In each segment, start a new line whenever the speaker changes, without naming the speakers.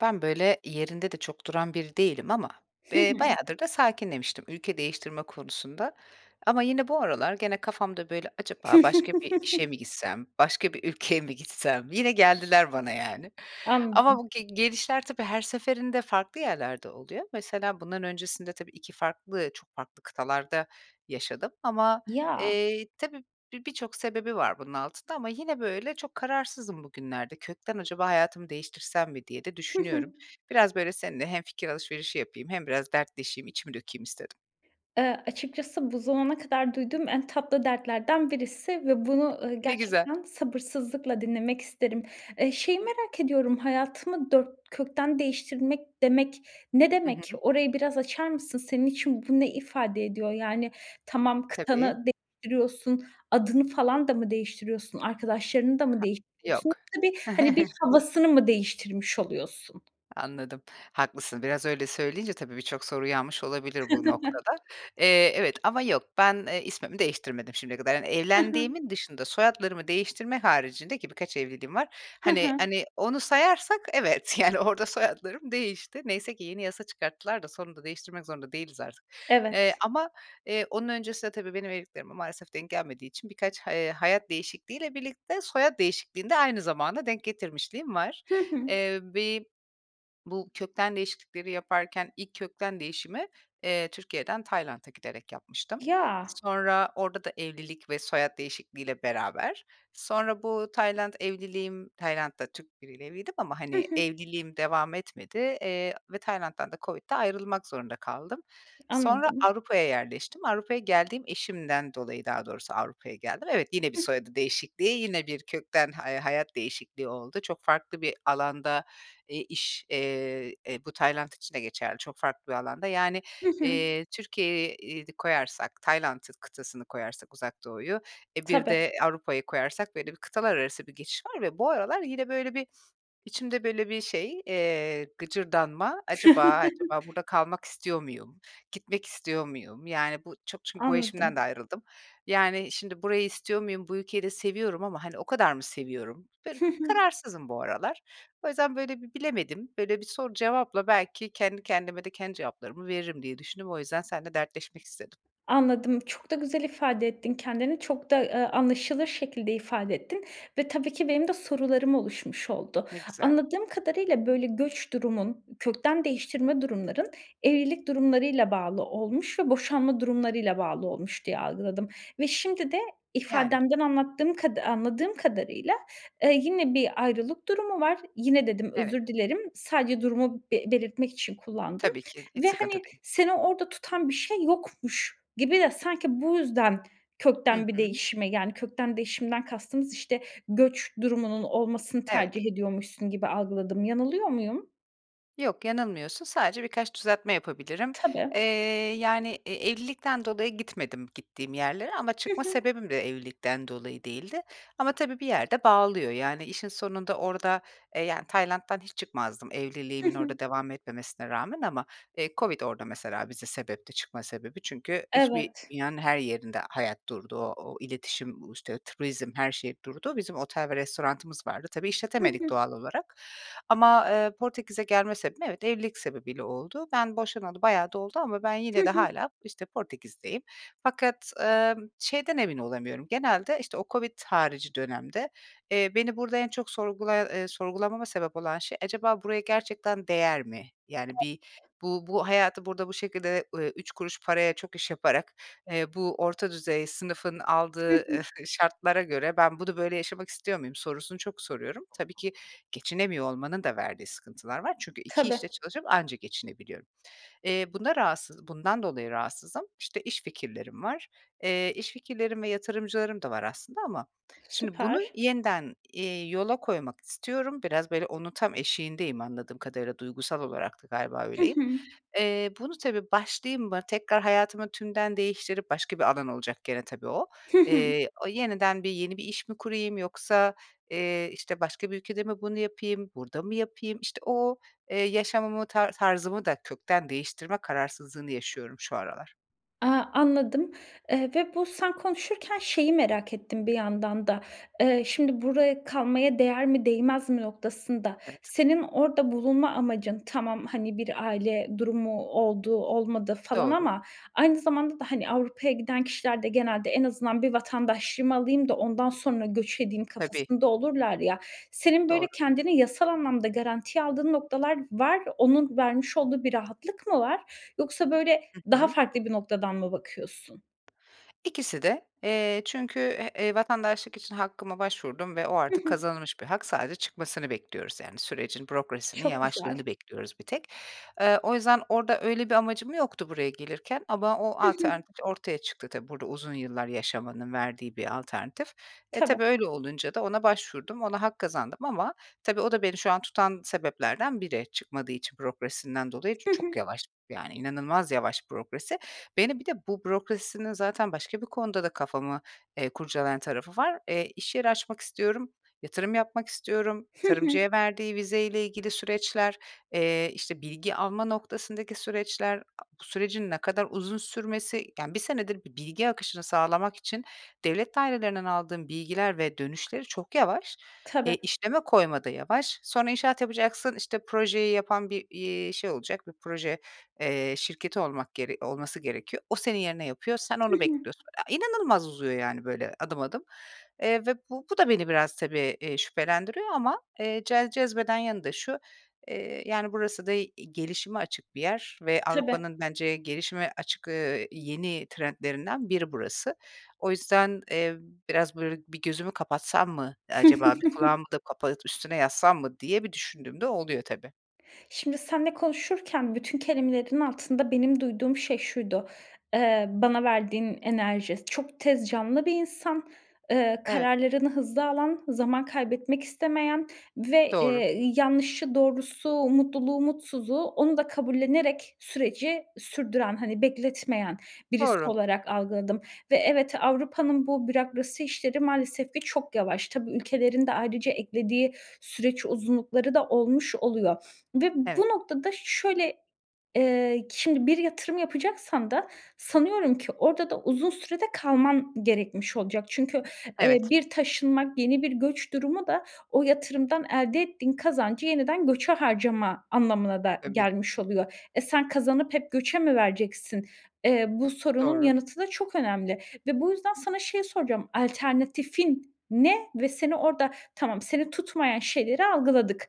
Ben, böyle, yerinde de çok duran biri değilim ama,
Hı
eee,
hı.
bayağıdır da sakinlemiştim ülke değiştirme konusunda. Ama yine bu aralar gene kafamda, böyle: "Acaba başka bir işe mi gitsem? Başka bir ülkeye mi gitsem?" Yine geldiler bana, yani. Ama
Anladım.
bu ge gelişler tabii her seferinde farklı yerlerde oluyor. Mesela bundan öncesinde tabii, 2 farklı, çok farklı kıtalarda yaşadım. Ama,
Ya.
eee, tabii, bi birçok sebebi var bunun altında ama yine, böyle, çok kararsızım bugünlerde. “Kökten acaba hayatımı değiştirsem mi?” diye de
Hı hı.
düşünüyorum. Biraz, böyle, seninle hem fikir alışverişi yapayım hem biraz dertleşeyim içimi dökeyim istedim.
Eee, açıkçası bu zamana kadar duyduğum en tatlı dertlerden birisi ve bunu, ııı,
Ne güzel.
gerçekten sabırsızlıkla dinlemek isterim. Eee, şeyi merak ediyorum: "Hayatımı dört kökten değiştirmek" demek ne
Hı
demek?
hı.
Orayı biraz açar mısın? Senin için bu ne ifade ediyor? Yani, tamam,
Tabii.
kıtanı değiştiriyorsun. Adını falan da mı değiştiriyorsun? Arkadaşlarını da mı
Ha,
değiştiriyorsun? [unintelligible]
yok.
bir, hani, bir havasını mı değiştirmiş oluyorsun?
Anladım. Haklısın. Biraz öyle söyleyince tabii, birçok soru uyanmış olabilir bu noktada. Eee, evet. Ama yok, ben, eee, ismimi değiştirmedim şimdiye kadar. Yani,
Hı hı.
evlendiğimin dışında, soyadlarımı değiştirme haricinde, ki birkaç evliliğim var,
Hı
hani
hı.
hani, onu sayarsak evet, yani, orada soyadlarım değişti. Neyse ki yeni yasa çıkarttılar da sonunda değiştirmek zorunda değiliz artık. Eee
Evet.
ama, eee, onun öncesinde tabii benim evliliklerime maalesef denk gelmediği için birkaç he hayat değişikliğiyle birlikte, soyad değişikliğini de aynı zamana denk getirmişliğim var.
Hı hı.
Eee, bir bu kökten değişiklikleri yaparken ilk kökten değişimi, eee, Türkiye’den Tayland’a giderek yapmıştım.
Ya!
Sonra orada da evlilik ve soyad değişikliğiyle beraber, sonra bu Tayland evliliğim, Tayland’da Türk biriyle evliydim ama,
Hı
hani,
hı.
evliliğim devam etmedi, eee, ve Tayland’dan da COVID'de ayrılmak zorunda kaldım. Sonra
Anladım.
Avrupa’ya yerleştim. Avrupa’ya geldim, eşimden dolayı daha doğrusu Avrupa’ya geldim. Evet, yine bir
Hıh.
soyadı değişikliği, yine bir kökten ha eee, hayat değişikliği oldu. Çok farklı bir alanda, eee, iş, eee, e, bu Tayland için de geçerli, çok farklı bir alanda. Yani,
Hı hı.
eee, Türkiye'yi de koyarsak, Tayland’ı kıtasını koyarsak Uzak Doğu’yu, e, bir
Tabii.
de Avrupa’yı koyarsak, böyle, bir kıtalar arası bir geçiş var ve bu aralar yine böyle bir içimde böyle bir şey, eee, gıcırdanma: “Acaba acaba burada kalmak istiyor muyum? Gitmek istiyor muyum?” Yani, bu çok çün bu eşimden de
Anladım.
ayrıldım. Yani, şimdi burayı istiyor muyum? Bu ülkeyi de seviyorum ama, hani, o kadar mı seviyorum? [unintelligible] Bir
Hı hı.
kararsızım bu aralar. O yüzden, böyle, bir bilemedim. Böyle, bir soru cevapla belki kendi kendime de kendi cevaplarımı veririm diye düşündüm. O yüzden senle dertleşmek istedim.
Anladım. Çok da güzel ifade ettin kendini. Çok da, eee, anlaşılır şekilde ifade ettin ve tabii ki benim de sorularım oluşmuş oldu.
Ne güzel.
Anladığım kadarıyla, böyle, göç durumun, kökten değiştirme durumların, evlilik durumlarıyla bağlı olmuş ve boşanma durumlarıyla bağlı olmuş, diye algıladım ve şimdi de
Yani.
ifadenden anlattığım kada anladığım kadarıyla, eee, yine bir ayrılık durumu var. "Yine" dedim,
Evet.
özür dilerim. Sadece durumu be belirtmek için kullandım
Tabii ki. Hiç
ve,
sıkıntı
hani,
değil.
seni orada tutan bir şey yokmuş gibi de sanki bu yüzden
Hı
kökten bir
hı.
değişime, yani, kökten değişimden kastımız, işte, göç durumunun olmasını
Evet.
tercih ediyormuşsun gibi algıladım. Yanılıyor muyum?
Yok, yanılmıyorsun. Sadece birkaç düzeltme yapabilirim.
Tabii.
Eee, yani, e evlilikten dolayı gitmedim, gittiğim yerlere. Ama
Hı
çıkma
hı.
sebebim de evlilikten dolayı değildi. Ama tabii bir yerde bağlıyor. Yani, işin sonunda orada e, yani, Tayland'dan hiç çıkmazdım,
Hı
evliliğimin
hı.
orada devam etmemesine rağmen ama, eee, Covid orada mesela bize sebepti, çıkma sebebi. Çünkü hiçbir
Evet.
dünyanın her yerinde hayat durdu. O o iletişim, u işte turizm, her şey durdu. Bizim otel ve restoranımız vardı. Tabii
Hı
işletemedik
hı.
doğal olarak. Ama, eee, Portekiz'e gelme sebebim, evet, evlilik sebebiyle oldu. Ben boşanalı bayağı da oldu ama ben
Hı
yine de
hı.
hâlâ, işte, Portekiz'deyim. Fakat, emm, şeyden emin olamıyorum, genelde, işte, o Covid harici dönemde, eee, beni burada en çok sorgulaya eee, sorgulamama sebep olan şey, acaba buraya gerçekten değer mi? Yani, bir,
[unintelligible]
“Bu bu hayatı burada bu şekilde, eee, 3 kuruş paraya çok iş yaparak, eee, bu orta düzey sınıfın
Hı
aldığı,
hı.
eee, şartlara göre ben bunu böyle yaşamak istiyor muyum” sorusunu çok soruyorum. Tabii ki geçinemiyor olmanın da verdiği sıkıntılar var. Çünkü 2
Tabii.
işte çalışıp anca geçinebiliyorum. Eee, bunda rahatsız bundan dolayı rahatsızım. İşte, iş fikirlerim var. Eee, iş fikirlerim ve yatırımcılarım da var aslında ama şimdi bunu
Süper.
yeniden, iii, yola koymak istiyorum. Biraz, böyle, onun tam eşiğindeyim, anladığım kadarıyla duygusal olarak da galiba
Hı
öyleyim.
hı.
Eee, bunu, tabii, başlayayım mı tekrar hayatımı tümden değiştirip başka bir alan olacak gene tabii o.
Hı hı.
Eee, o yeniden bir yeni bir iş mi kurayım? Yoksa, eee, işte, başka bir ülkede mi bunu yapayım, burada mı yapayım? İşte, o, eee, yaşamımı, tar tarzımı da kökten değiştirme kararsızlığını yaşıyorum şu aralar.
A, anladım, eee, ve bu, sen konuşurken şeyi merak ettim bir yandan da. Eee, şimdi, buraya kalmaya değer mi, değmez mi noktasında,
Evet.
senin orada bulunma amacın, tamam, hani, bir aile durumu oldu, olmadı falan
Doğru.
ama aynı zamanda da hani Avrupa'ya giden kişiler de genelde “en azından bir vatandaşlığımı alayım da, ondan sonra göç edeyim“
Tabii.
kafasında olurlar, ya, senin böyle
Doğru.
kendini yasal anlamda garantiye aldığın noktalar var. Onun vermiş olduğu bir rahatlık mı var? Yoksa, böyle,
Hı
daha
hı.
farklı bir noktadan mı bakıyorsun?
İkisi de. Eee, çünkü, e e, vatandaşlık için hakkıma başvurdum ve o
Hı
artık
hı.
kazanılmış bir hak. Sadece çıkmasını bekliyoruz, yani sürecin, bürokrasinin
Çok güzel.
yavaşlığını bekliyoruz bir tek. Eee, o yüzden orada öyle bir amacım yoktu buraya gelirken ama o
Hı hı.
alternatif ortaya çıktı. Tabii, burada uzun yıllar yaşamanın verdiği bir alternatif. E
Tabii.
tabii, öyle olunca da, ona başvurdum, ona hak kazandım ama tabii o da beni şu an tutan sebeplerden biri, çıkmadığı için bürokrasisinden dolayı,
Hı
çok
hı.
yavaş, yani inanılmaz yavaş bürokrasi. Beni bir de, bu bürokrasinin zaten başka bir konuda da kafamı, eee, kurcalayan tarafı var. Eee, iş yeri açmak istiyorum, yatırım yapmak istiyorum,
Hı hı.
tarımcıya verdiği vizeyle ilgili süreçler, eee, işte, bilgi alma noktasındaki süreçler, a sürecin ne kadar uzun sürmesi, yani 1 senedir bir bilgi akışını sağlamak için devlet dairelerinden aldığım bilgiler ve dönüşleri çok yavaş. E,
Tabii.
işleme koyma da yavaş. Sonra, inşaat yapacaksın, işte, projeyi yapan bir, iii, şey olacak, bir proje, eee, şirketi olmak gere olması gerekiyor. O senin yerine yapıyor, sen
Hı
onu
hı.
bekliyorsun. E, inanılmaz uzuyor, yani böyle, adım adım. Eee, ve bu bu da beni biraz, tabii, eee, şüphelendiriyor ama, eee, ce cezbeden yanında şu; eee, yani burası da i gelişime açık bir yer ve
Tabii.
Avrupa'nın bence gelişime açık, eee, yeni trendlerinden biri burası. O yüzden, eee, biraz, böyle, “bir gözümü kapatsam mı acaba, bir kulağımı da kapatıp üstüne yatsam mı“ diye bir düşündüğüm de oluyor, tabii.
Şimdi, seninle konuşurken, bütün kelimelerin altında benim duyduğum şey şuydu, eee, bana verdiğin enerji; çok tez canlı bir insan. Eee,
Evet.
kararlarını hızlı alan, zaman kaybetmek istemeyen ve,
Doğru.
eee, ııı, yanlışı, doğrusu, mutluluğu, mutsuzu, onu da kabullenerek süreci sürdüren, hani, bekletmeyen birisi
Doğru.
olarak algıladım. Ve evet Avrupa'nın bu bürokrasi işleri maalesef ki çok yavaş. Tabii, ülkelerin de ayrıca eklediği süreç uzunlukları da olmuş oluyor ve bu
Evet.
noktada şöyle, eee, şimdi bir yatırım yapacaksan da sanıyorum ki orada da uzun sürede de kalman gerekmiş olacak. Çünkü, eee,
Evet.
bir taşınmak yeni bir göç durumu da o yatırımdan elde ettiğin kazancı yeniden göçe harcama anlamına da
Tabii.
gelmiş oluyor. E, sen kazanıp hep göçe mi vereceksin? Eee, bu sorunun
Doğru.
yanıtı da çok önemli ve bu yüzden sana şeyi soracağım: Alternatifin ne ve seni orada, tamam, seni tutmayan şeyleri algıladık,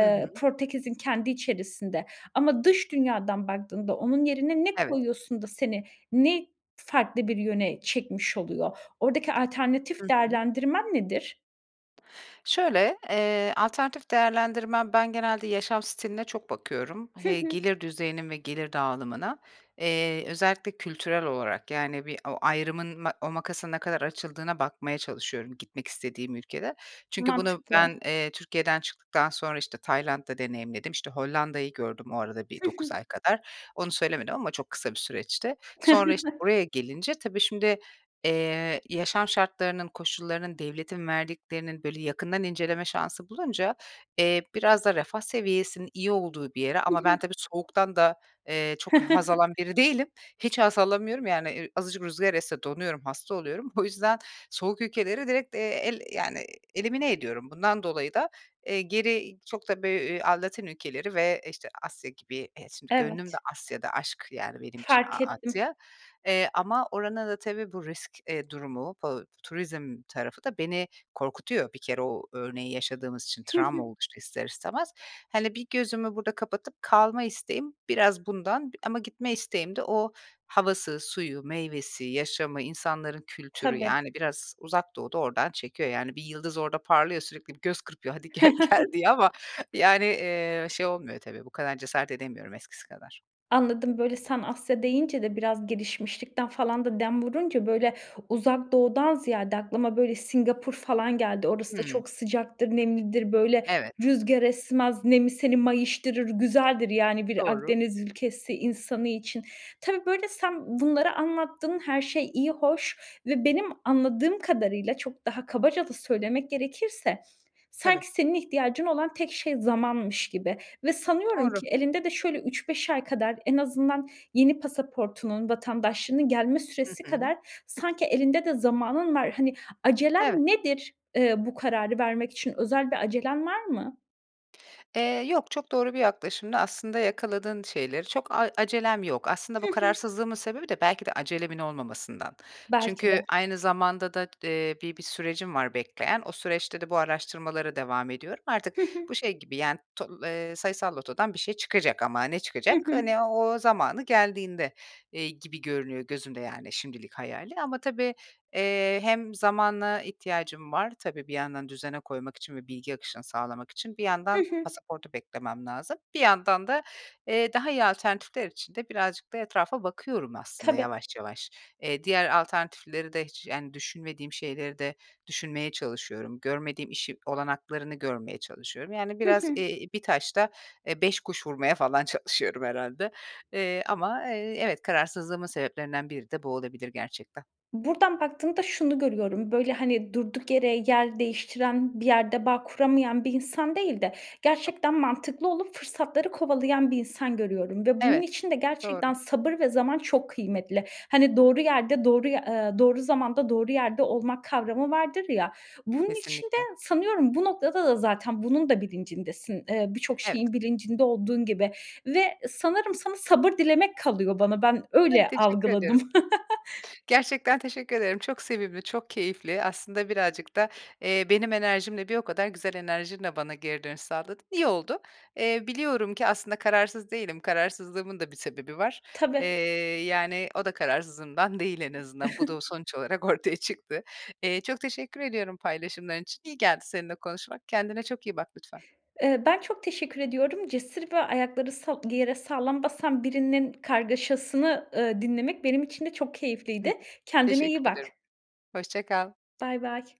Hı hı.
Portekiz'in kendi içerisinde ama dış dünyadan baktığında, onun yerine ne
Evet.
koyuyorsun da seni ne farklı bir yöne çekmiş oluyor? Oradaki
Hı
alternatif
hı.
değerlendirmen nedir?
Şöyle, eee, alternatif değerlendirmem, ben genelde yaşam stiline çok bakıyorum.
Hı
Hey
hı.
gelir düzeyine ve gelir dağılımına. Eee, özellikle kültürel olarak, yani, bir o ayrımın ma o makasın ne kadar açıldığına bakmaya çalışıyorum gitmek istediğim ülkede. Çünkü bunu
Mantıklı.
ben, eee, Türkiye'den çıktıktan sonra, işte, Tayland'da deneyimledim. İşte, Hollanda'yı gördüm o arada bir
Hı
9
hı.
ay kadar. Onu söylemedim ama çok kısa bir süreçti. Sonra, işte, buraya gelince tabii şimdi, eee, yaşam şartlarının, koşullarının, devletin verdiklerinin, böyle, yakından inceleme şansı bulunca, eee, biraz da refah seviyesinin iyi olduğu bir yere
Hı
ama
hı.
ben tabii, soğuktan da, eee, çok haz alan biri değilim. Hiç haz alamıyorum, yani, eee, azıcık rüzgâr esse donuyorum, hasta oluyorum. O yüzden soğuk ülkeleri direkt, eee, el yani, elimine ediyorum. Bundan dolayı da, eee, geri çok da bö eee, a Latin ülkeleri ve, işte, Asya gibi e, şimdi gönlüm de
Evet.
Asya'da. Aşk, yani, benim için A
Fark ettim.
Asya. Eee, ama oranın da tabii bu risk, eee, durumu, bu turizm tarafı da beni korkutuyor bir kere o örneği yaşadığımız için
Hı
travma
hı.
oluştu ister istemez. Hani, bir, gözümü burada kapatıp kalma isteğim biraz bundan, b ama gitme isteğim de o havası, suyu, meyvesi, yaşamı, insanların kültürü,
Tabii.
yani, biraz Uzak Doğu da oradan çekiyor. Yani, bir yıldız orada parlıyor sürekli bir göz kırpıyor, "Hadi, gel gel." diye ama, yani, eee, şey olmuyor tabii, bu kadar cesaret edemiyorum eskisi kadar.
Anladım. Böyle, sen "Asya" deyince de biraz gelişmişlikten falan da dem vurunca, böyle, Uzak Doğu'dan ziyade aklıma, böyle, Singapur falan geldi. Orası da
Hımm.
çok sıcaktır, nemlidir, böyle,
Evet.
rüzgar esmez. Nemi seni mayıştırır. Güzeldir, yani, bir
Doğru.
Akdeniz ülkesi insanı için. Tabii, böyle, sen bunları anlattın. Her şey iyi hoş ve benim anladığım kadarıyla, çok daha kabaca da söylemek gerekirse
Tabii.
sanki senin ihtiyacın olan tek şey zamanmış gibi ve sanıyorum
Doğru.
ki elinde de şöyle 3-5 ay kadar en azından yeni pasaportunun, vatandaşlığının gelme
Hı
süresi
hı.
kadar sanki elinde de zamanın var. Hani, acelen
Evet.
nedir? Eee, bu kararı vermek için özel bir acelen var mı?
Eee, yok. Çok doğru bir yaklaşımdı. Aslında yakaladın şeyleri, çok a acelem yok. Aslında
Hı
bu
hı.
kararsızlığımın sebebi de belki de acelemin olmamasından.
Belki
Çünkü
de.
aynı zamanda da, eee, bi bir sürecim var bekleyen. O süreçte de bu araştırmalara devam ediyorum. Artık,
Hı
bu
hı.
şey gibi, yani, to eee, sayısal lotodan bir şey çıkacak ama ne
Hı
çıkacak?
hı.
Hani, o zamanı geldiğinde, eee, gibi görünüyor gözümde, yani, şimdilik hayalî. Ama, tabii, eee, hem zamana ihtiyacım var, tabii, bir yandan düzene koymak için ve bilgi akışını sağlamak için. Bir
Hı
yandan
hı.
pasaportu beklemem lazım, bir yandan da, eee, daha iyi alternatifler için de birazcık da etrafa bakıyorum aslında
Tabii.
yavaş yavaş. Eee, diğer alternatifleri de hiç, yani, düşünmediğim şeyleri de düşünmeye çalışıyorum. Görmediğim işi olanaklarını görmeye çalışıyorum. Yani,
Hı
biraz,
hı.
eee, 1 taşta, eee, 5 kuş vurmaya falan çalışıyorum herhâlde. Eee, ama, eee, evet, kararsızlığımın sebeplerinden biri de bu olabilir gerçekten.
Buradan baktığımda, şunu görüyorum, böyle, hani, durduk yere yer değiştiren, bir yerde bağ kuramayan bir insan değil de
[unintelligible]
gerçekten mantıklı olup fırsatları kovalayan bir insan görüyorum ve bunun
Evet.
için de
Doğru.
gerçekten sabır ve zaman çok kıymetli. Hani, doğru yerde doğruy eee, doğru zamanda, doğru yerde olmak kavramı vardır, ya. Bunun için de
Kesinlikle.
sanıyorum bu noktada da zaten bunun da bilincindesin. Eee, birçok
Evet.
şeyin bilincinde olduğun gibi ve sanırım sana sabır dilemek kalıyor bana, ben
Ay,
öyle
teşekkür
algıladım.
ediyorum. Gerçekten teşekkür ederim. Çok sevimli, çok keyifli, aslında, birazcık da, eee, benim enerjimle, bir o kadar güzel enerjinle bana geri dönüş sağladın. İyi oldu. Eee, biliyorum ki aslında kararsız değilim, kararsızlığımın da bir sebebi var. Eee,
Tabii.
yani, o da kararsızlığımdan değil en azından. Bu da o sonuç olarak ortaya çıktı. Eee, çok teşekkür ediyorum paylaşımların için. İyi geldi seninle konuşmak. Kendine çok iyi bak lütfen.
Eee, ben çok teşekkür ediyorum. Cesur ve ayakları sa yere sağlam basan birinin kargaşasını, ııı, dinlemek benim için de çok keyifliydi. Kendine iyi
Teşekkür
bak.
ederim. Hoşça kal.
Baybay.